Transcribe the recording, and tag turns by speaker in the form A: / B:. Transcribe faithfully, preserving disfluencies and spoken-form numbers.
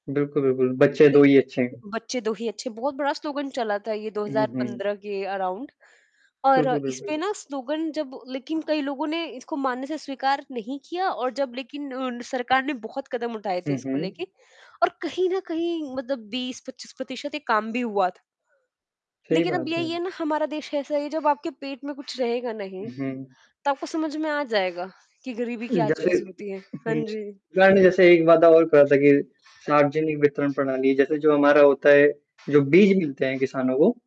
A: बिल्कुल, बिल्कुल। बच्चे दो ही अच्छे हैं।
B: बच्चे दो ही अच्छे, बहुत बड़ा स्लोगन चला था ये दो
A: हुँ,
B: हज़ार
A: हुँ।
B: पंद्रह के अराउंड और
A: बिल्कुल,
B: इसपे
A: बिल्कुल।
B: ना स्लोगन जब लेकिन कई लोगों ने इसको मानने से स्वीकार नहीं किया और जब लेकिन उन सरकार ने बहुत कदम उठाए थे
A: हुँ,
B: इसको
A: हुँ।
B: लेके और कहीं न कहीं मतलब बीस पच्चीस प्रतिशत ये कम भी हुआ था।
A: सही
B: लेकिन अब
A: बात है।
B: यही है ना ,हमारा देश ऐसा है जब आपके पेट में कुछ रहेगा नहीं,
A: हुँ, हुँ।
B: तब आपको समझ में आ जाएगा कि गरीबी क्या
A: जैसे
B: चीज़
A: उ,
B: होती है। हाँ
A: हुँ।
B: जी।
A: पता नहीं जैसे एक वादा और करा था कि सार्वजनिक वितरण प्रणाली जैसे जो हमारा होता है, जो बीज मिलते हैं किसानों को